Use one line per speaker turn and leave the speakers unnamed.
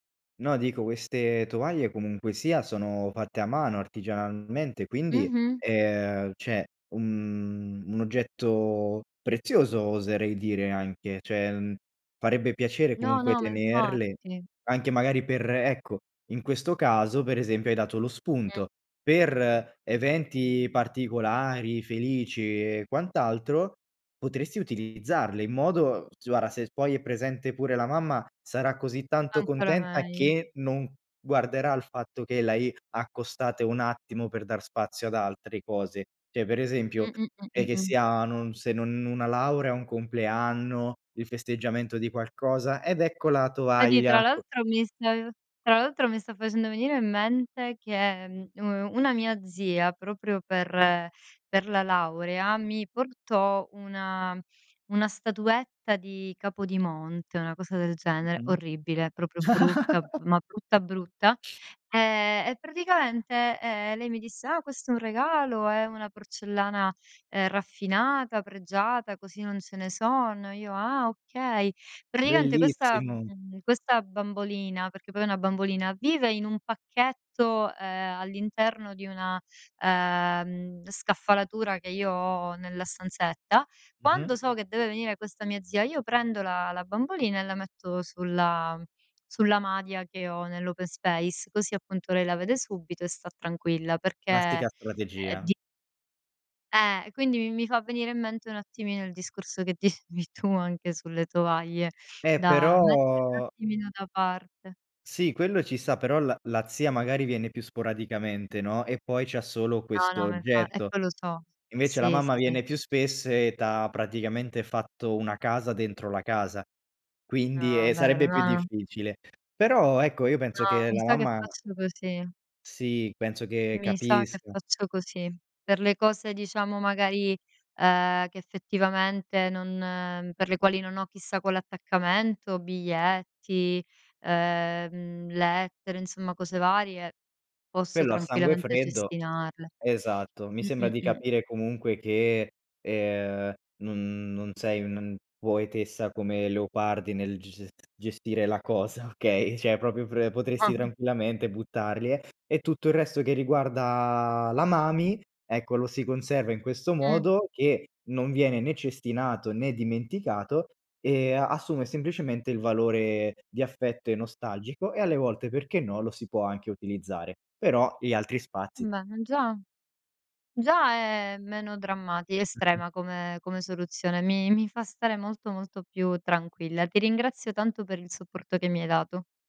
No, dico queste tovaglie comunque sia sono fatte a mano artigianalmente, quindi,
Mh-mh.
ehm, cioè un un oggetto prezioso oserei dire anche, cioè, mhmm, farebbe piacere
No,
comunque
no, ma
tenerle
infatti.
anche magari per ecco, in questo caso, per esempio, hai dato lo
Mh.
spunto: per eventi particolari, felici e quant'altro, potresti utilizzarle in modo s guarda, se poi è presente pure la mamma, sarà così tanto
Ancora
contenta
meglio.
che non guarderà al fatto che l'hai accostate un attimo per dar spazio ad altre cose. Cioè, per esempio, è che
Mh-mh-mh-mh-mh.
sia non se non una laurea, un compleanno, il festeggiamento di qualcosa: "Ed ecco la
Vedi, tra
tovaglia co"
l'altro mi sta ehm, tra l'altro mi sta facendo venire in mente che, mhmm, uhm, una mia zia, proprio per per la laurea, mi portò una una statuetta di Capodimonte, una cosa del genere:
Mh-mh.
orribile, proprio brutta, ma brutta brutta. Ehm, e praticamente, ehm, lei mi disse: "Ah, questo è un regalo, è una porcellana, ehm, raffinata, pregiata, così non ce ne sono." Io: "Ah, okay." Praticamente questa
Bellissimo.
mhmm, questa bambolina, perché poi è una bambolina, vive in un pacchetto, ehm, all'interno di una, ehm, scaffalatura che io ho nella stanzetta,
Mh-mh.
quando so che deve venire questa mia zia, io prendo la la bambolina e la metto sulla sulla madia che ho nell' open space, così appunto lei la vede subito e sta tranquilla, perché è
Classica strategia.
di Eh, e quindi mi mi fa venire in mente un attimino il discorso che dicevi tu, anche sulle tovaglie
Eh,
da mettere un
però
attimino da parte.
Sì quello ci sta, però la la zia magari viene più sporadicamente, no, e poi c'ha solo
No,
questo
no, ma infa e
oggetto.
poi lo so.
Invece la
Sì, sì,
mamma
sì.
viene più spesso e t'ha praticamente fatto una casa dentro la casa, quindi, ehm,
No, vero.
sarebbe più
No, no.
difficile. Però ecco, io penso
No,
che
mi
la
sa che
mamma
faccio così.
Sì, penso che
Mi sa che
capisca.
faccio così. Per le cose diciamo magari, ehm, che effettivamente non per le quali non ho chissà quell'attaccamento, biglietti, ehm, lettere, insomma cose varie, posso
Quello a sangue
tranquillamente
freddo
cestinarle.
esatto, mi sembra di
Mh-mh-mh.
capire comunque che, ehm, non non sei un poetessa come Leopardi nel ges es gestire la cosa, okay, cioè proprio pre potresti tranquillamente buttarle. E tutto il resto che riguarda la mami, ecco lo si conserva in questo
Mh.
modo che non viene né cestinato né dimenticato, ehm, assume semplicemente il valore di affetto e nostalgico e alle volte, perché no, lo si può anche utilizzare. Però gli altri spazi
Bene, già già è meno drammatica,
Mh-mh.
estrema come come soluzione. Mi mi fa stare molto, molto più tranquilla. Ti ringrazio tanto per il supporto che mi hai dato.